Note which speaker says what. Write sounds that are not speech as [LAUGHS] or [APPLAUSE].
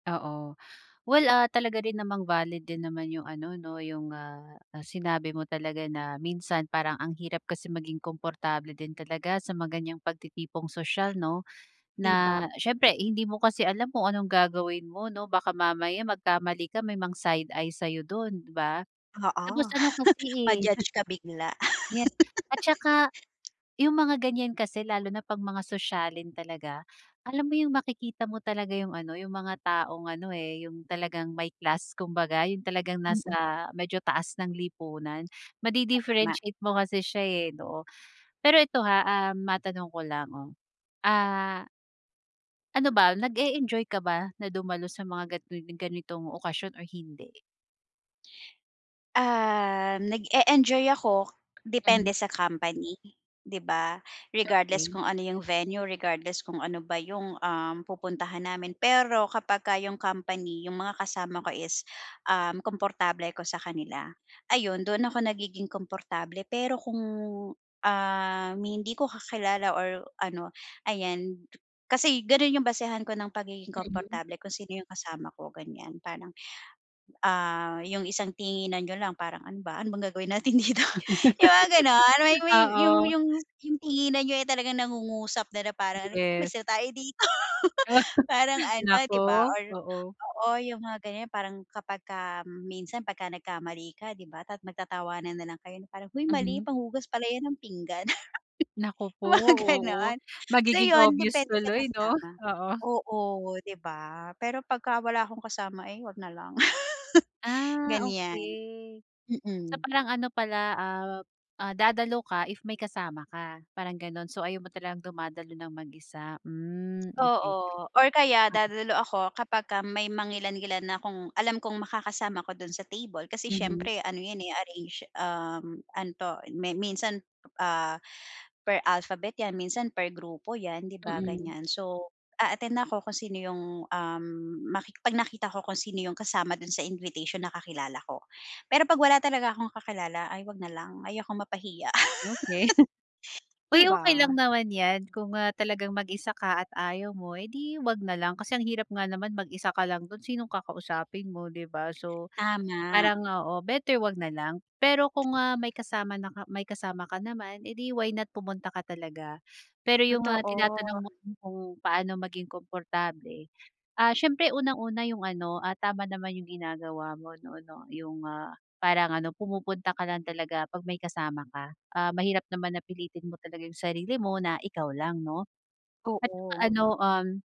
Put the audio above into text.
Speaker 1: Oo. Well, ah, talaga rin namang valid din naman 'yong ano, 'no, 'yong, ah ah, sinabi mo talaga na minsan parang ang hirap kasi maging komportable din talaga sa mga ganiyang pagtitipong sosyal, 'no.
Speaker 2: 'Di ba.
Speaker 1: Na siyempre, hindi mo kasi alam kung anong gagawin mo, 'no, baka mamaya magkamali ka, may mang-side-eye sa'yo do'n, 'di ba. Tapos,
Speaker 2: Oo.
Speaker 1: ano kasi,
Speaker 2: [SCOFFS]
Speaker 1: eh
Speaker 2: Ma-judge ka bigla.
Speaker 1: [CHUCKLES] yes,
Speaker 2: [LAUGHS]
Speaker 1: at saka, 'yong mga ganiyan kasi lalo na pag mga sosyalin talaga, alam mo 'yong makikita mo talaga 'yong ano, 'yong mga taong ano, eh, 'yong talagang may class kumbaga, 'yong talagang nasa
Speaker 2: Mm.
Speaker 1: medyo taas ng lipunan.
Speaker 2: Tama.
Speaker 1: Madi-differentiate mo kasi siya, eh, 'no. Pero eto ha, ah, matanong ko lang, 'no, ah ano ba, nag-eenjoy ka ba na dumalo sa mga gan tulad ng ganitong okasyon or hindi?
Speaker 2: Ah, nag-e-enjoy ako,
Speaker 1: Mhm.
Speaker 2: depende sa company, 'di ba. Regardless
Speaker 1: Okay.
Speaker 2: kung ano 'yong venue, regardless kung ano ba 'yong, um, pupuntahan namin. Pero kapagka 'yong company, 'yong mga kasama ko is, um, komportable ako sa kanila, ayun do'n ako nagiging komportable. Pero kung, um, hindi ko kakilala or ano, ayan, kasi gano'n 'yong basehan ko ng pagiging
Speaker 1: Mhm.
Speaker 2: komportable kung sino 'yong kasama ko, ganiyan. Parang, ah, 'yong isang tinginan niyo lang parang, "Ano ba, ano bang gagawin natin dito?" 'yong mga
Speaker 1: [LAUGHS]
Speaker 2: gano'n, may may 'yong
Speaker 1: Oo.
Speaker 2: 'yong 'yong tinginan niyo ay talagang nangungusap na, na parang "Halika na,
Speaker 1: Yes.
Speaker 2: umalis na tayo dito."
Speaker 1: Ah.
Speaker 2: [LAUGHS] Parang
Speaker 1: [CHUCKLES]
Speaker 2: ano,
Speaker 1: Naku,
Speaker 2: 'di ba, or
Speaker 1: oo.
Speaker 2: oo, 'yong mga ganiyan, 'yong parang kapagka minsan pagka nagkamali ka, 'di ba, tat magtatawanan na lang kayo na parang, "Hoy mali,
Speaker 1: Mhm.
Speaker 2: panghugas pala 'yan ng pinggan," [LAUGHS]
Speaker 1: Naku po,
Speaker 2: 'yong mga
Speaker 1: oo.
Speaker 2: gano'n. So,
Speaker 1: Magiging
Speaker 2: 'yon
Speaker 1: obvious
Speaker 2: depende sa
Speaker 1: tuloy, 'no,
Speaker 2: kasama.
Speaker 1: oo.
Speaker 2: Oo, 'di ba, pero pagka wala akong kasama, eh, huwag na lang, [LAUGHS]
Speaker 1: Ah,
Speaker 2: ganiyan.
Speaker 1: okay. So
Speaker 2: Mm.
Speaker 1: parang ano pala ap ah, dadalo ka if may kasama ka, parang gano'n. So ayaw mo talagang dumadalo ng mag-isa, hmm, okay.
Speaker 2: Oo, or kaya
Speaker 1: Mm.
Speaker 2: dadalo ako kapagka may mangilan-ngilan akong alam kong makakasama ko do'n sa table. Kasi
Speaker 1: Mhm.
Speaker 2: siyempre, ano 'yan, eh, arrange um, ano 'to, mi minsan, ah, per alphabet 'yan, minsan per grupo 'yan, 'di ba,
Speaker 1: Mm.
Speaker 2: ganiyan. So, a-attend ako kung sino 'yong, um, maki pag nakita ko kung sino 'yong kasama do'n sa invitation na kakilala ko. Pero 'pag wala talaga akong kakilala ay huwag na lang, ayokong mapahiya.
Speaker 1: Okay. [CHUCKLES]
Speaker 2: [LAUGHS] 'Di
Speaker 1: Uy, okay lang
Speaker 2: ba?
Speaker 1: naman 'yan, kung, ah, talagang mag-isa ka at ayaw mo, eh, 'di huwag nalang. Kasi ang hirap nga naman mag-isa ka lang do'n, sinong kakausapin mo ,'di ba, so
Speaker 2: Tama.
Speaker 1: parang, oo, better huwag na lang. Pero kung, ah, may kasama na ka may kasama ka naman, eh, 'di why not, pumunta ka talaga. Pero 'yong, ah, tinatanong
Speaker 2: Totoo.
Speaker 1: mo ko kung paano maging komportable, ah, siyempre unang-una 'yong ano, ah, tama naman 'yong ginagawa mo, 'no, 'no, 'yong, ah, parang ano pumupunta ka lang talaga pag may kasama ka. Ah, mahirap naman na pilitin mo talaga 'yong sarili mo na ikaw lang, 'no. At saka
Speaker 2: Oo.
Speaker 1: ano, um